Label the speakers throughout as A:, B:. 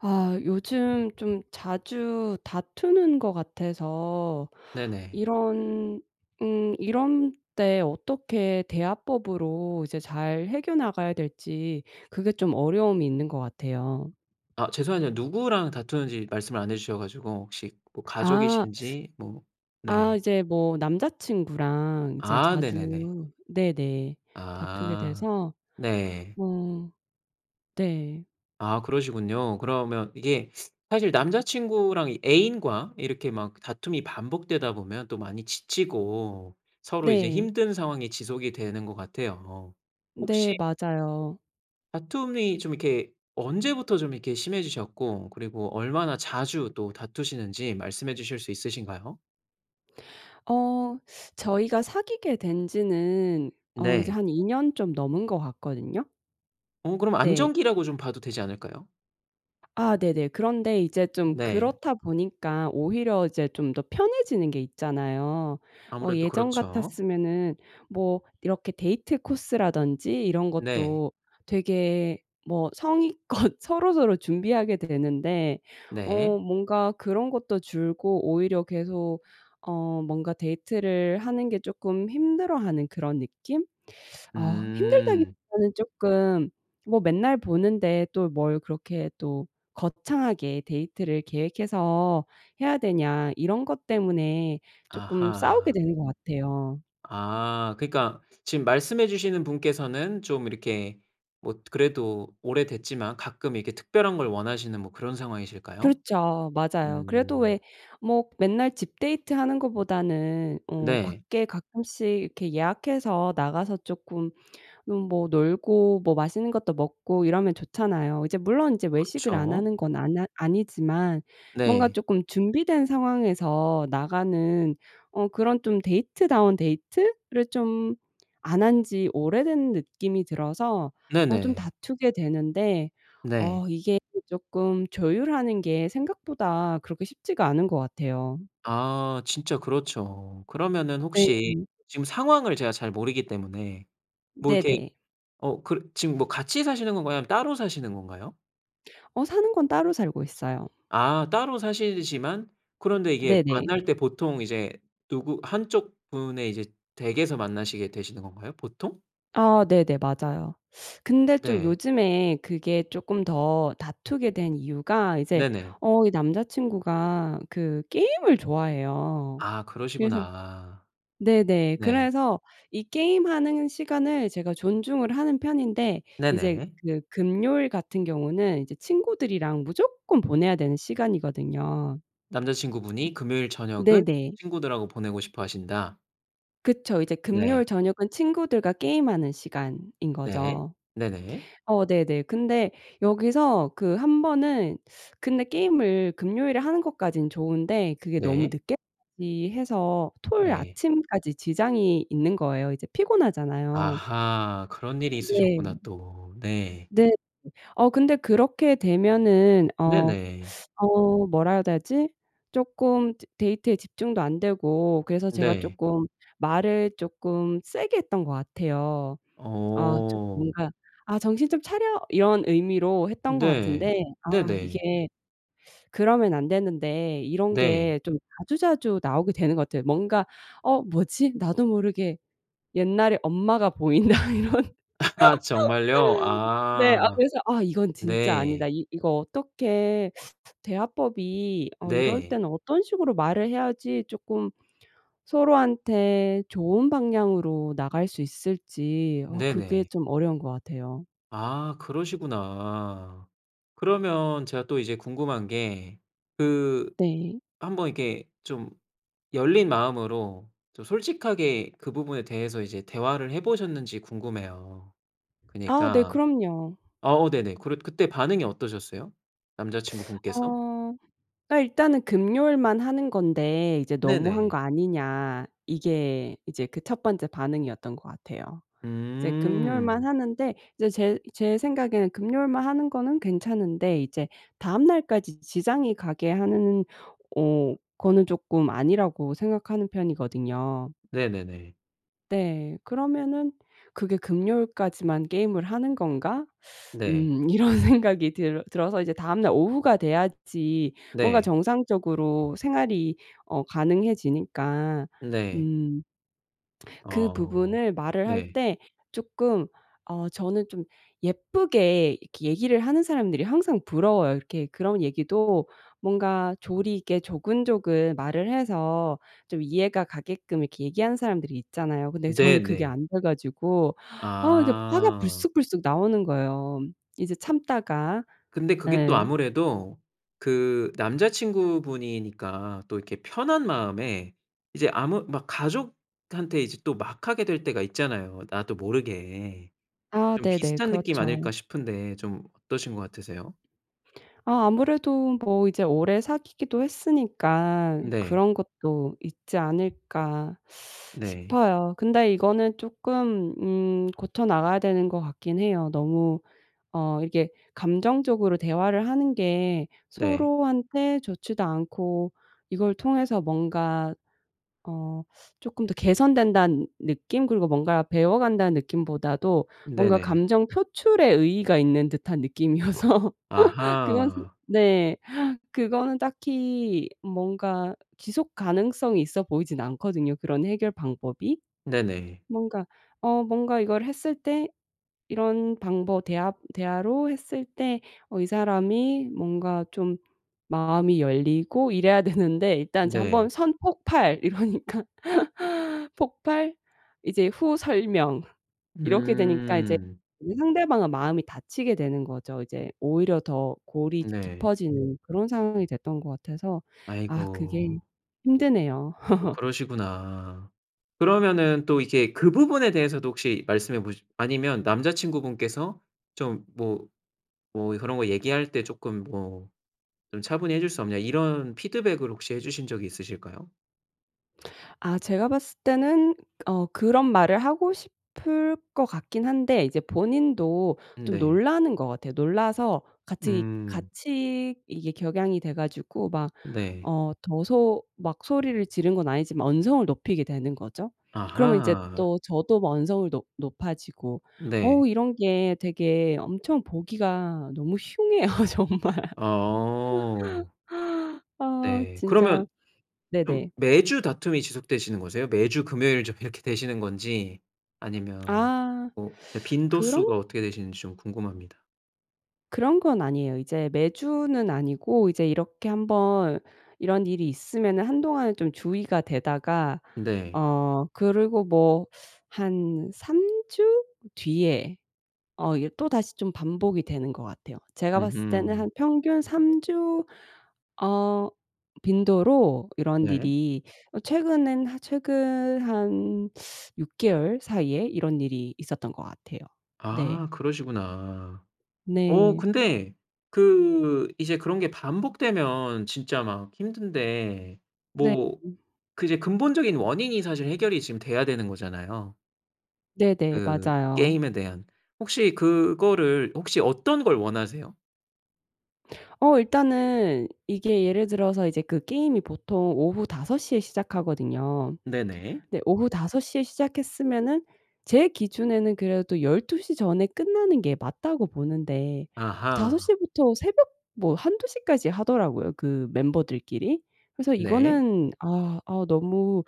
A: 아 요즘 좀 자주 다투는 것 같아서
B: 네네.
A: 이런 응 이런 때 어떻게 대화법으로 이제 잘 해겨 나가야 될지 그게 좀 어려움이 있는 것 같아요.
B: 아 죄송하지만 누구랑 다투는지 말씀을 안 해 주셔 가지고 혹시 뭐
A: 아.
B: 가족이신지 뭐 네.
A: 아 이제 뭐 남자친구랑 이제
B: 아. 네네네.
A: 자주 네네. 다투게
B: 아.
A: 돼서.
B: 네.
A: 어 네.
B: 아. 그러시군요. 그러면 이게 사실 남자친구랑 이 애인과 이렇게 막 다툼이 반복되다 보면 또 많이 지치고 서로 이제
A: 네.
B: 힘든 상황이 지속이 되는 것 같아요.
A: 네.
B: 혹시
A: 맞아요.
B: 다툼이 좀 이렇게 언제부터 좀 이렇게 심해지셨고 그리고 얼마나 자주 또 다투시는지 말씀해 주실 수 있으신가요?
A: 어 저희가 사귀게 된 지는 어 이제
B: 네.
A: 한 2 년 좀 넘은 것 같거든요?
B: 어 그럼
A: 네.
B: 안정기라고 좀 봐도 되지 않을까요?
A: 아 네네. 그런데 이 제 좀
B: 네.
A: 그렇다 보니까 오히려 이제 좀 더 편해지는 게 있잖아요. 어
B: 아무래도
A: 예전
B: 그렇죠.
A: 같았으면은 뭐 이렇게 데이트 코스라든지 이런
B: 네.
A: 것도 되게 뭐 성의껏 서로서로 준비하게 되는데
B: 네.
A: 어 뭔가 그런 것도 줄고 오히려 계속 어 뭔가 데이트를 하는 게 쪼끔 힘들어하는 그런 느낌? 아 힘들다기
B: 음.
A: 보다는 쪼끔 뭐 '맨날 보는데 또 뭘 그렇게 또 거창하게 데이트를 계획해서 해야 되냐.' 이런 것 때문에 쪼끔 싸우게
B: 아하.
A: 되는 것 같아요.
B: 아 그니까 지금 말씀해 주시는 분께서는 좀 이렇게 뭣 그래도 오래됐지만 가끔 이렇게 특별한 걸 원하시는 뭐 그런 상황이실까요?
A: 그렇죠. 맞아요. 그래도
B: 음.
A: 왜 뭐 맨날 집 데이트 하는 것보다는 어
B: 네.
A: 밖에 가끔씩 이렇게 예약해서 나가서 쪼끔 뭐 놀고 뭐 맛있는 것도 먹고 이러면 좋잖아요. 이제 물론 이제 외식을 안
B: 그렇죠.
A: 하는 건 안하 아니지만 뭔가
B: 네.
A: 쪼끔 준비된 상황에서 나가는 어 그런 좀 데이트 다운 데이트?를 좀 안 한지 오래된 느낌이 들어서 어 좀
B: 네네.
A: 다투게 되는데
B: 네.
A: 어 이게 쪼끔 조율하는 게 생각보다 그렇게 쉽지가 않은 것 같아요.
B: 아. 진짜 그렇죠. 그러면은 혹시
A: 네.
B: 지금 상황을 제가 잘 모르기 때문에 뭐 이렇게
A: 네네.
B: 어 그 지금 뭐 같이 사시는 건가요? 아니면 따로 사시는 건가요?
A: 어 사는 건 따로 살고 있어요.
B: 아 따로 사시지만 그런데 이게
A: 네네.
B: 만날 때 보통 이제 누구 한쪽 분의 이제 댁에서 만나시게 되시는 건가요? 보통?
A: 아 네네, 맞아요. 근데 좀
B: 네.
A: 요즘에 그게 쪼끔 더 다투게 된 이유가 이제
B: 네네.
A: 어 이 남자친구가 그 게임을 좋아해요.
B: 아
A: 그래서
B: 그러시구나.
A: 네네.
B: 네.
A: 그래서 이 게임하는 시간을 제가 존중을 하는 편인데 이제
B: 네네.
A: 그 금요일 같은 경우는 이제 친구들이랑 무조건 보내야 되는 시간이거든요.
B: 남자친구분이 금요일 저녁은
A: 네네.
B: 친구들하고 보내고 싶어 하신다.
A: 그쵸. 이제
B: 네.
A: 금요일 저녁은 친구들과 게임하는 시간인
B: 네.
A: 거죠.
B: 네네.
A: 어 네네. 근데 여기서 그 1 번은 근데 게임을 금요일에 하는 것까지는 좋은데 그게 너무
B: 네.
A: 늦게까지 해서 토요일
B: 네.
A: 아침까지 지장이 있는 거예요. 이제 피곤하잖아요.
B: 아하. 그런 일이
A: 네.
B: 있으셨구나 또. 네.
A: 네. 어 근데 그렇게 되면은 어
B: 네네.
A: 어 뭐라 해야 되지? 쪼끔 즈 데이트에 집중도 안 되고 그래서 제가
B: 네.
A: 쪼끔 말을 쪼끔 세게 했던 것 같아요. 아 좀
B: 어.
A: 뭔가 '아 정신 좀 차려.' 이런 의미로 했던 것
B: 네.
A: 같은데 아
B: 네네.
A: 이게 그러면 안 되는데 이런
B: 네.
A: 게 좀 자주자주 나오게 되는 것 같아요. 뭔가 '어 뭐지? 나도 모르게 옛날에 엄마가 보인다' 이런
B: 아 정말요?
A: 네. 아
B: 아.
A: 그래서 '아 이건 진짜
B: 네.
A: 아니다.' 이 이거 어떻게 대화법이 어 이럴
B: 네.
A: 때는 어떤 식으로 말을 해야지 쪼끔 서로한테 좋은 방향으로 나갈 수 있을지 어 그게
B: 네네.
A: 좀 어려운 것 같아요.
B: 아 그러시구나. 그러면 제가 또 이제 궁금한 게 그
A: 네.
B: 한번 이렇게 좀 열린 마음으로 좀 솔직하게 그 부분에 대해서 이제 대화를 해보셨는지 궁금해요.
A: 아 네.
B: 그니까
A: 그럼요.
B: 아 어 네네. 그래 그때 반응이 어떠셨어요? 남자 친구분께서?
A: 어 일단은 "금요일만 하는 건데 이제 너무 한 거
B: 네네.
A: 아니냐." 이게 이제 그 1 번째 반응이었던 것 같아요. 이제 금요일만
B: 음.
A: 하는데 이제 제 제 생각에는 금요일만 하는 거는 괜찮은데 이제 다음날까지 지장이 가게 하는 오 거는 조금 아니라고 생각하는 편이거든요.
B: 네네네.
A: 네. 그러면은 '그게 금요일까지만 게임을 하는 건가?
B: 네.
A: 음' 이런 생각이 들어 들어서 다음날 오후가 돼야지 뭔가
B: 네.
A: 정상적으로 생활이 어 가능해지니까
B: 네.
A: 음 그
B: 어
A: 부분을 말을 할
B: 네.
A: 때 쪼끔 어 저는 좀 예쁘게 이렇게 얘기를 하는 사람들이 항상 부러워요. 이렇게 그런 얘기도 뭔가 조리 있게 조근조근 말을 해서 좀 이해가 가게끔 이렇게 얘기하는 사람들이 있잖아요. 근데 저는 그게
B: 네네.
A: 안 돼 가지고 아 이게 화가
B: 아.
A: 불쑥불쑥 나오는 거예요. 이제
B: 그
A: 참다가
B: 근데 그게 또
A: 네.
B: 아무래도 그 남자 친구분이니까 또 이렇게 편한 마음에 이제 아무 막 가족한테 이제 또 막 하게 될 때가 있잖아요 나도 모르게.
A: 아
B: 좀
A: 네네.
B: 비슷한 느낌
A: 그렇죠.
B: 아닐까 싶은데 좀 어떠신 것 같으세요?
A: 아 아무래도 뭐 이제 오래 사귀기도 했으니까
B: 네.
A: 그런 것도 있지 않을까
B: 네.
A: 싶어요. 근데 이거는 쪼끔 음 고쳐 나가야 되는 것 같긴 해요. 너무 어 이게 감정적으로 대화를 하는 게
B: 네.
A: 서로한테 좋지도 않고 이걸 통해서 뭔가 어 쪼끔 더 개선된다는 느낌? 그리고 뭔가 배워 간다는 느낌보다도 뭔가
B: 네네.
A: 감정 표출에 의의가 있는 듯한 느낌이어서 그건 그
B: 아하.
A: 네. 그거는 딱히 뭔가 지속 가능성이 있어 보이진 않거든요, 그런 해결 방법이?
B: 네네.
A: 뭔가 어 뭔가 이걸 했을 때 이런 방버 대화 대화로 했을 때 어 이 사람이 뭔가 좀 마음이 열리고 이래야 되는데 일단 이제
B: 네.
A: 한번 선 폭발 이러니까 폭발 이제 후 설명 이렇게 되니까 이제
B: 음.
A: 상대방은 마음이 닫히게 되는 거죠. 이제 오히려 더 골이
B: 네.
A: 깊어지는 그런 상황이 됐던 것 같아서 아 그게
B: 아이고.
A: 힘드네요.
B: 또 그러시구나. 그러면은 또 이게 그 부분에 대해서도 혹시 말씀해 보시 아니면 남자 친구분께서 좀 뭐 뭐 "그런 거 얘기할 때 조금 뭐 좀 차분히 해줄 수 없냐?" 이런 피드백을 혹시 해 주신 적이 있으실까요?
A: 아 제가 봤을 때는 어 그런 말을 하고 싶을 것 같긴 한데 이제 본인도 좀
B: 네.
A: 놀라는 거 같아요. 놀라서 같이
B: 음.
A: 같이 이게 격양이 돼가지고 막
B: 네.
A: 어 더 소 막 소리를 지른 건 아니지만 언성을 높이게 되는 거죠. 그러면 이제
B: 아하.
A: 또 저도 뭐 언성을 높 높아지고.
B: 네.
A: 어 이런 게 되게 엄청 보기가 너무 흉해요 정말.
B: 어.
A: 아
B: 네.
A: 진짜
B: 그러면 그럼
A: 네네.
B: 매주 다툼이 지속되시는 거세요? 매주 금요일쯤 이렇게 되시는 건지 아니면
A: 아
B: 뭐
A: 그런
B: 빈도수가 어떻게 되시는지 좀 궁금합니다.
A: 그런 건 아니에요. 이제 매주는 아니고 이제 이렇게 한번 이런 일이 있으면은 한동안 좀 주의가 되다가
B: 네.
A: 어 그리고 뭐 한 3 주? 뒤에 어 이 또 다시 좀 반복이 되는 것 같아요. 제가 봤을 때는
B: 으흠.
A: 한 평균 3 주 어 빈도로 이런
B: 네.
A: 일이 어 최근엔 하 최근 한 6 개월 사이에 이런 일이 있었던 것 같아요. 네.
B: 아. 그러시구나. 어
A: 네.
B: 근데 그 이제 그런 게 반복되면 진짜 막 힘든데
A: 네.
B: 뭐 그 이제 근본적인 원인이 사실 해결이 지금 돼야 되는 거잖아요.
A: 네네
B: 그
A: 맞아요.
B: 게임에 대한. 혹시 그거를 혹시 어떤 걸 원하세요?
A: 어 일단은 이게 예를 들어서 이제 그 게임이 보통 오후 5 시에 시작하거든요.
B: 네네.
A: 근데 오후 5 시에 시작했으면은 제 기준에는 그래도 12 시 전에 끝나는 게 맞다고 보는데 5
B: 아하.
A: 시부터 새벽 뭐 1-2 시까지 하더라고요, 그 멤버들끼리. 그래서
B: 네.
A: 이거는 아 아 너무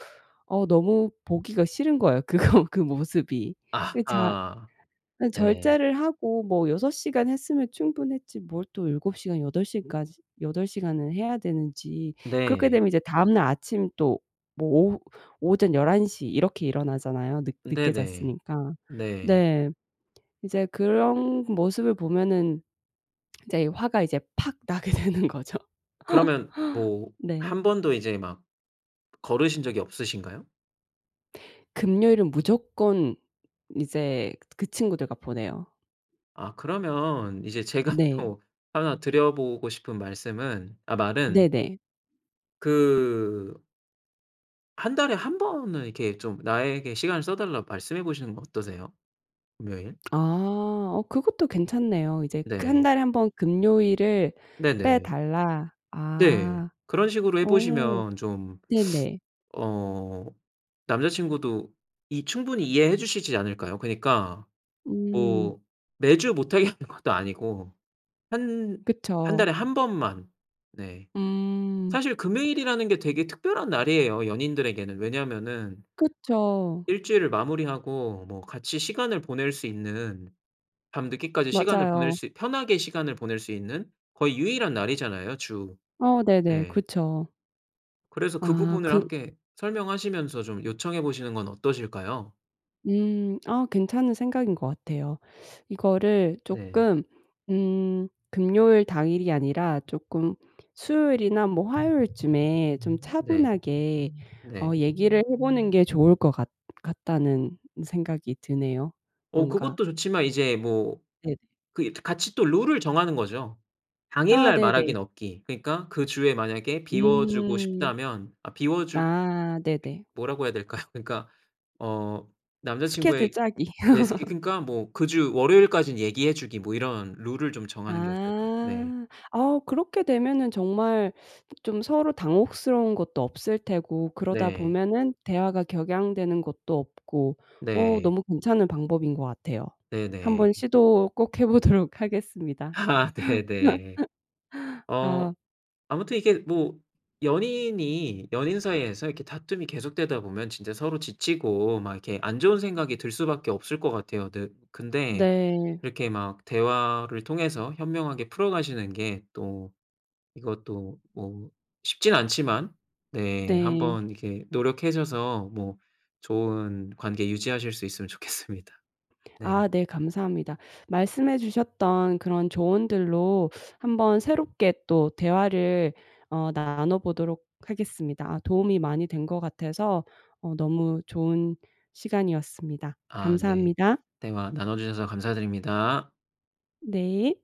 A: 아 너무 보기가 싫은 거예요. 그거 그 모습이. 이 자
B: 아하.
A: 아
B: 네.
A: 절제를 하고 뭐 6 시간 했으면 충분했지 뭘 또 7 시간 8 시까지 8 시간을 해야 되는지. 그렇게
B: 네.
A: 되면 이제 다음날 아침 또 뭐 오후 오전 11 시 이렇게 일어나잖아요? 늦 늦게
B: 네네.
A: 잤으니까.
B: 네.
A: 네. 이제 그런 모습을 보면은 이제 화가 이제 팍 나게 되는 거죠.
B: 그러면 뭐
A: 네.
B: 1 번도 이제 막 거르신 적이 없으신가요?
A: 금요일은 무조건 이제 그 그 친구들과 보내요.
B: 아 그러면 이제 제가
A: 네.
B: 또 1 드려 보고 싶은 말씀은 아 말은
A: 네네.
B: 그 1 달에 1 번은 이렇게 좀 나에게 시간을 써 달라고 말씀해 보시는 건 어떠세요? 금요일?
A: 아. 어 그것도 괜찮네요. 이제 그 1
B: 네.
A: 달에 1 번 금요일을
B: 네네.
A: 빼달라.
B: 네.
A: 아.
B: 그런 식으로 해
A: 어.
B: 보시면 좀
A: 네네.
B: 어 남자친구도 이 충분히 이해해 주시지 않을까요? 그니까
A: 음.
B: 뭐 매주 못 하게 하는 것도 아니고 한 1
A: 그쵸.
B: 달에 1 번만. 네.
A: 음.
B: 사실 금요일이라는 게 되게 특별한 날이에요, 연인들에게는. 왜냐하면은
A: 그쵸.
B: 1 주일을 마무리하고 뭐 같이 시간을 보낼 수 있는 밤늦게까지 시간을 보낼
A: 맞아요.
B: 수 편하게 시간을 보낼 수 있는 거의 유일한 날이잖아요 주.
A: 어 네네.
B: 네.
A: 그쵸.
B: 그래서 그
A: 아,
B: 부분을
A: 그
B: 함께 설명하시면서 좀 요청해 보시는 건 어떠실까요?
A: 음. 아 괜찮은 생각인 것 같아요. 이거를
B: 네.
A: 쪼끔 음 금요일 당일이 아니라 쪼끔 수요일이나 뭐 화요일쯤에 좀
B: 네.
A: 차분하게
B: 네.
A: 얘기를 해 보는 게 좋을 것 같 같다는 생각이 드네요
B: 어
A: 뭔가.
B: 그것도 좋지만 이제 뭐
A: 네네.
B: 그 이 트 같이 또 룰을 정하는 거죠.
A: 아
B: "당일날
A: 네네.
B: 말하긴 없기." 그니까 그 주에 만약에 비워주고
A: 음.
B: 싶다면 아 비워주
A: 아 네네.
B: 뭐라고 해야 될까요? 그러니까 어
A: 스케줄
B: 남자친구의
A: 짜기.
B: 네. 스키 그러니까 뭐 그 주 월요일까진 얘기해 주기 뭐 이런 룰을 좀 정하는 게 어떨까요? 네.
A: 아. 어 그렇게 되면은 정말 좀 서로 당혹스러운 것도 없을 테고 그러다
B: 네.
A: 보면은 대화가 격양되는 것도 없고. 어
B: 네.
A: 너무 괜찮은 방법인 것 같아요. 한번
B: 네네.
A: 시도 꼭 해보도록 하겠습니다.
B: 아 네네. 어
A: 아.
B: 아무튼 이게 뭐 연인이 연인 사이에서 이렇게 다툼이 계속되다 보면 진짜 서로 지치고 막 이렇게 안 좋은 생각이 들 수밖에 없을 것 같아요. 대 근데
A: 네.
B: 이렇게 막 대화를 통해서 현명하게 풀어가시는 게 또 이것도 뭐 쉽진 않지만 네.
A: 네.
B: 한번 이렇게 노력하셔서 뭐 좋은 관계 유지하실 수 있으면 좋겠습니다. 네.
A: 아 네, 감사합니다. 말씀해 주셨던 그런 조언들로 한번 새롭게 또 대화를 어 나눠 보도록 하겠습니다. 아 도움이 많이 된 것 같아서 어 너무 좋은 시간이었습니다.
B: 아 네.
A: 감사합니다.
B: 대화 나눠주셔서 감사드립니다.
A: 네.